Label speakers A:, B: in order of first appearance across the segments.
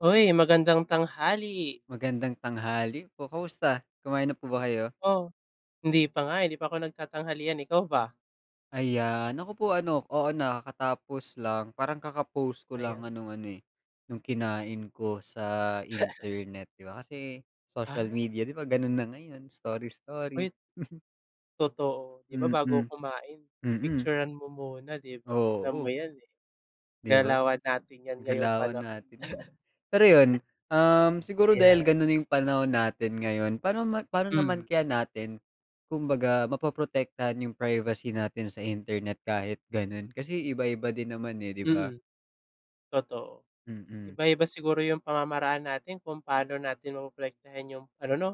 A: Uy, magandang tanghali!
B: Magandang tanghali po, kamusta kumain na po ba kayo?
A: O, hindi pa nga, eh, hindi pa ko nagtatanghalian, eh, ikaw ba?
B: Ayan ako po ano, oo, nakakatapos lang parang kaka post ko lang
A: Ayan.
B: ng ano, eh, nung kinain ko sa internet. Di ba kasi social
A: Ah.
B: media di ba, gano'n na ngayon, story-story.
A: Wait, totoo, di ba,
B: Mm,
A: bago kumain
B: mm.
A: pipicturan mo muna, di ba? Alam mo
B: Oo.
A: 'yan, eh,
B: 'Di ba,
A: galawan natin 'yan ngayong
B: galawan
A: panahon.
B: natin 'yan, eh. Pero 'yun, um, siguro dahil
A: Yeah.
B: gano'n na 'yung panahon natin ngayon, pa'no ma pa'no naman
A: Hmm.
B: kaya natin kumbaga mapoprotektahan 'yung privacy natin sa internet, kahit gano'n, kasi iba-iba din naman, eh, di ba?
A: Mm, totoo.
B: Mm.
A: Iba-iba siguro 'yung pamamaraan natin kung paano natin mapoprotektahan 'yong ano 'no,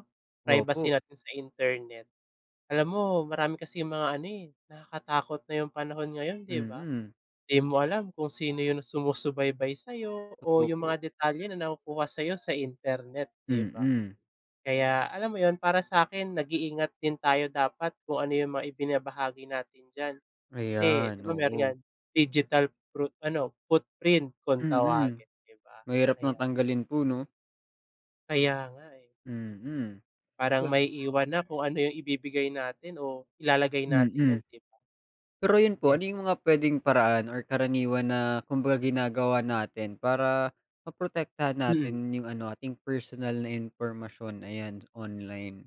B: Opo.
A: privacy natin sa internet. Alam mo, marami kasing mga ano, eh, nakakatakot na 'yung panahon ngayon, 'di ba?
B: Mm.
A: 'Di mo alam kung sino 'yung sumusubaybay sa'yo o
B: Totoo,
A: 'yung
B: po.
A: mga detalye na nakukuha sa sa'yo sa internet, 'di ba?
B: Mm.
A: Kaya alam mo 'yun, para sa akin nag-iingat din tayo dapat kung ano 'yung mga ibinabahagi natin diyan kasi di
B: Ayan,
A: ba, meron
B: oo.
A: niyan digital pro ano footprint kung
B: Mm,
A: tawagin di ba,
B: mahirap ng
A: kaya
B: tanggalin po, 'no?
A: Kaya nga, eh.
B: Mm.
A: Parang
B: Ga
A: maiiwan na kung ano 'yung ibibigay natin o ilalagay natin 'yan,
B: Mm,
A: di ba?
B: pero 'yun po,
A: Yan
B: ano 'yung
A: nga.
B: mga puwedeng paraan or karaniwan na kumbaga ginagawa natin para maprotektahan
A: Mm.
B: natin 'yung ano, ating personal na impormasyon ayan online?